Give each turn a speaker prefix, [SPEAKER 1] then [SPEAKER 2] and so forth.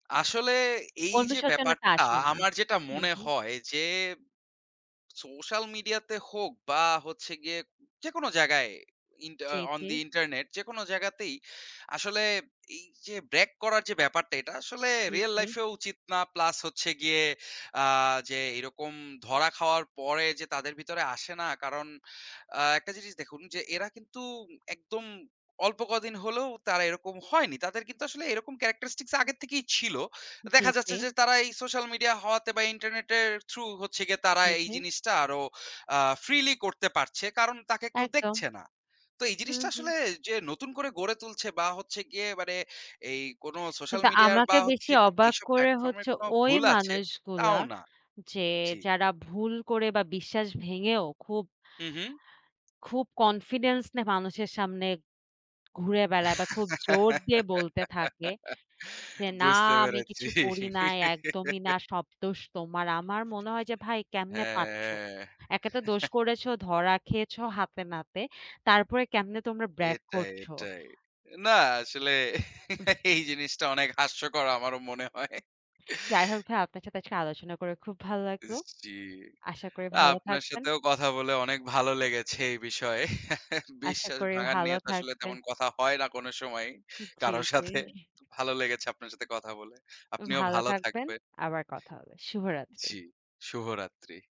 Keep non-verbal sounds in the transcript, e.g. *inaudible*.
[SPEAKER 1] আসলে এই যে
[SPEAKER 2] অনুশোচনাটা
[SPEAKER 1] ব্যাপারটা,
[SPEAKER 2] আসে না।
[SPEAKER 1] আমার যেটা
[SPEAKER 2] হুম,
[SPEAKER 1] মনে
[SPEAKER 2] হুম।
[SPEAKER 1] হয় যে, social media তে হোক বা হচ্ছে গিয়ে, যেকোনো জায়গায় ইন্টা আ
[SPEAKER 2] জি,
[SPEAKER 1] on
[SPEAKER 2] জি।
[SPEAKER 1] the internet যেকোনো জায়গাতেই আসলে এই যে brag করার যে ব্যাপারটা, এটা আসলে
[SPEAKER 2] জি,
[SPEAKER 1] real
[SPEAKER 2] জি।
[SPEAKER 1] life এও উচিত না। Plus হচ্ছে গিয়ে আ যে, এরকম ধরা খাওয়ার পরে যে তাদের ভিতরে আসে না, কারণ আ একটা জিনিস দেখুন যে এরা কিন্তু একদম অল্প কদিন হলেও তারা এরকম হয়নি। তাদের কিন্তু আসলে এরকম characteristics আগের থেকেই ছিল।
[SPEAKER 2] জি,
[SPEAKER 1] দেখা
[SPEAKER 2] জি।
[SPEAKER 1] যাচ্ছে যে তারা এই social media হওয়াতে বা internet এর through হচ্ছে গিয়ে,
[SPEAKER 2] জি,
[SPEAKER 1] তারা এই
[SPEAKER 2] জি।
[SPEAKER 1] জিনিসটা আরো আ freely করতে পারছে। কারণ তাকে কেউ
[SPEAKER 2] একদম।
[SPEAKER 1] দেখছে না। তো এই
[SPEAKER 2] হুম,
[SPEAKER 1] জিনিসটা
[SPEAKER 2] হুম।
[SPEAKER 1] আসলে যে নতুন করে গড়ে তুলছে বা হচ্ছে গিয়ে মানে, এই কোন social
[SPEAKER 2] কিন্তু
[SPEAKER 1] media এর
[SPEAKER 2] আমাকে
[SPEAKER 1] বা
[SPEAKER 2] বেশি
[SPEAKER 1] হচ্ছে
[SPEAKER 2] অবাক
[SPEAKER 1] এইসব
[SPEAKER 2] করে
[SPEAKER 1] platform এর
[SPEAKER 2] হচ্ছে
[SPEAKER 1] কোন
[SPEAKER 2] ওই
[SPEAKER 1] ভুল আছে,
[SPEAKER 2] মানুষগুলা,
[SPEAKER 1] তাও না।
[SPEAKER 2] যে
[SPEAKER 1] জি।
[SPEAKER 2] যারা ভুল করে বা বিশ্বাস ভেঙেও খুব
[SPEAKER 1] হুম, হুম।
[SPEAKER 2] খুব confidence নিয়ে মানুষের সামনে ঘুরে বেড়ায় বা খুব জোর দিয়ে বলতে থাকে,
[SPEAKER 1] *laughs*
[SPEAKER 2] যে না
[SPEAKER 1] বুঝতে
[SPEAKER 2] আমি
[SPEAKER 1] পেরেছি।
[SPEAKER 2] কিছু করি নাই, একদমই না। সব দোষ তোমার। আমার মনে হয় যে ভাই কেমনে পারছো?
[SPEAKER 1] হ্যাঁ।
[SPEAKER 2] একে তো দোষ
[SPEAKER 1] *chuckles*
[SPEAKER 2] করেছো, ধরা খেয়েছো হাতে নাতে। তারপরে কেমনে তোমরা brag
[SPEAKER 1] এটাই,
[SPEAKER 2] করছো?
[SPEAKER 1] এটাই। না আসলে এই জিনিসটা অনেক হাস্যকর আমারও মনে হয়।
[SPEAKER 2] যাই হোক ভাইয়া, আপনার সাথে আজকে আলোচনা করে খুব ভাল্লাগলো।
[SPEAKER 1] জি,
[SPEAKER 2] আশা করি ভালো
[SPEAKER 1] আপনার
[SPEAKER 2] থাকবেন।
[SPEAKER 1] সাথেও কথা বলে অনেক ভালো লেগেছে এই বিষয়ে।
[SPEAKER 2] আশা
[SPEAKER 1] বিশ্বাস
[SPEAKER 2] করি
[SPEAKER 1] ভাঙার
[SPEAKER 2] ভালো
[SPEAKER 1] নিয়ে তো আসলে
[SPEAKER 2] থাকবেন।
[SPEAKER 1] তেমন কথা হয় না কোন সময়,
[SPEAKER 2] জ্বি,
[SPEAKER 1] কারো সাথে।
[SPEAKER 2] জি।
[SPEAKER 1] ভালো লেগেছে আপনার সাথে কথা বলে। আপনিও
[SPEAKER 2] ভালো
[SPEAKER 1] ভালো
[SPEAKER 2] থাকবেন,
[SPEAKER 1] থাকবেন।
[SPEAKER 2] আবার কথা হবে। শুভরাত্রি।
[SPEAKER 1] জ্বি, শুভরাত্রি।